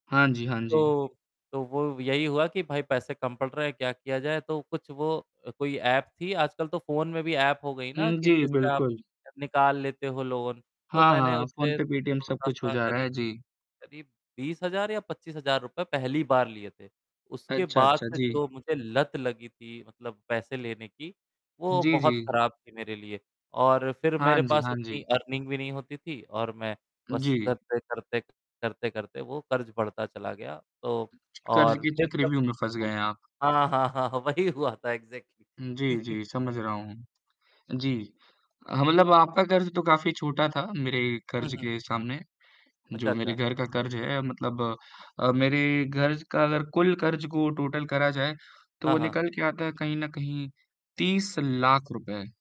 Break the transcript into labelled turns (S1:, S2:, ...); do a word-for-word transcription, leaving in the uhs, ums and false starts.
S1: हाँ जी, हाँ जी।
S2: तो तो वो यही हुआ कि भाई पैसे कम पड़ रहे हैं, क्या किया जाए? तो कुछ वो अ, कोई ऐप थी, आजकल तो फ़ोन में भी ऐप हो गई ना
S1: हुँ,
S2: कि
S1: जी,
S2: जिससे आप
S1: बिल्कुल।
S2: निकाल लेते हो लोन। तो
S1: हाँ, हाँ,
S2: मैंने
S1: हाँ
S2: उससे
S1: फ़ोनपे, पेटीएम सब कुछ हो
S2: थोड़ा-सा
S1: जा रहा
S2: करीब,
S1: है। जी।
S2: करीब बीस हज़ार या पचीस हज़ार रुपए पहली बार लिए थे, उसके
S1: अच्छा,
S2: बाद
S1: अच्छा,
S2: से
S1: जी।
S2: जो मुझे लत लगी थी मतलब पैसे लेने की, वो
S1: जी,
S2: बहुत
S1: जी।
S2: खराब थी मेरे लिए। और फ़िर
S1: हाँ
S2: मेरे
S1: जी,
S2: पास
S1: हाँ
S2: उतनी
S1: जी।
S2: अर्निंग भी नहीं होती थी और मैं बस
S1: जी।
S2: करते-करते करते-करते वो क़र्ज़ बढ़ता चला गया। तो
S1: क़र्ज़
S2: और
S1: के
S2: फ़िर जब
S1: चक्रव्यूह में फँस गए हैं आप।
S2: हाँ, हाँ। हाँ, वही हुआ था एक्ज़ेक्टली।
S1: हुँ, जी, जी समझ रहा हूँ। जी, हाँ मतलब आपका क़र्ज़ तो काफ़ी छोटा था मेरे
S2: हुँ,
S1: क़र्ज़
S2: हुँ।
S1: के सामने,
S2: अच्छा,
S1: जो मेरे
S2: अच्छा।
S1: घर का क़र्ज़ है मतलब अ, मेरे घर का, अगर कुल क़र्ज़ को टोटल करा जाए। तो
S2: हाँ,
S1: वो
S2: हाँ।
S1: निकल के आता है कहीं न कहीं तीस लाख रुपए।